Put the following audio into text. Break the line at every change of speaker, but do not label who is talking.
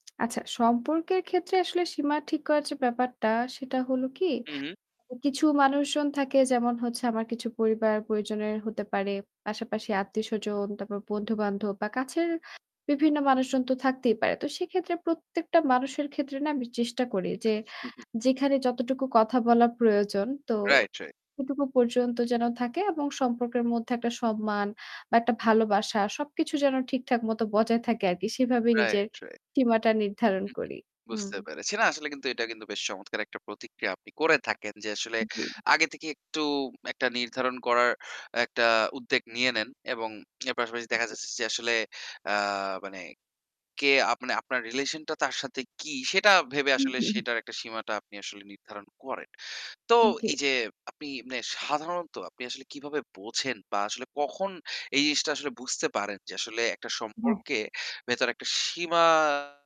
আচ্ছা, সম্পর্কের ক্ষেত্রে আসলে সীমা ঠিক করার যে ব্যাপারটা সেটা হলো কি?
হু, হু।
কিছু মানুষজন থাকে যেমন হচ্ছে আমার কিছু পরিবার পরিজনের হতে পারে। পাশাপাশি আত্মীয়স্বজন, তারপর বন্ধুবান্ধব বা কাছের বিভিন্ন মানুষজন তো থাকতেই পারে। তো সেক্ষেত্রে প্রত্যেকটা মানুষের ক্ষেত্রে না আমি চেষ্টা করি যে
হু, হু।
যেখানে যতটুকু কথা বলার প্রয়োজন তো
রাইট, রাইট।
সেটুকু পর্যন্ত যেন থাকে এবং সম্পর্কের মধ্যে একটা সম্মান বা একটা ভালোবাসা সবকিছু যেন ঠিকঠাক মত বজায় থাকে আরকি। সেভাবেই নিজের
রাইট, রাইট।
সীমাটা নির্ধারণ
হু, হু।
করি। হুম।
বুঝতে পেরেছি না আসলে কিন্তু এটা কিন্তু বেশ চমৎকার একটা প্রতিক্রিয়া আপনি করে থাকেন যে আসলে
জি।
আগে থেকে একটু একটা নির্ধারণ করার একটা উদ্যোগ নিয়ে নেন এবং এর পাশাপাশি দেখা যাচ্ছে যে আসলে আ মানে কে আপনে আপনার রিলেশনটা তার সাথে কি সেটা ভেবে
হু,
আসলে
হু, হু।
সেটার একটা সীমাটা আপনি আসলে নির্ধারণ করেন। তো
জী।
এই যে আপনি মানে সাধারণত আপনি আসলে কিভাবে বোঝেন বা আসলে কখন এই জিনিসটা আসলে বুঝতে পারেন যে আসলে একটা
হ্যাঁ।
সম্পর্কে ভেতরে একটা সীমা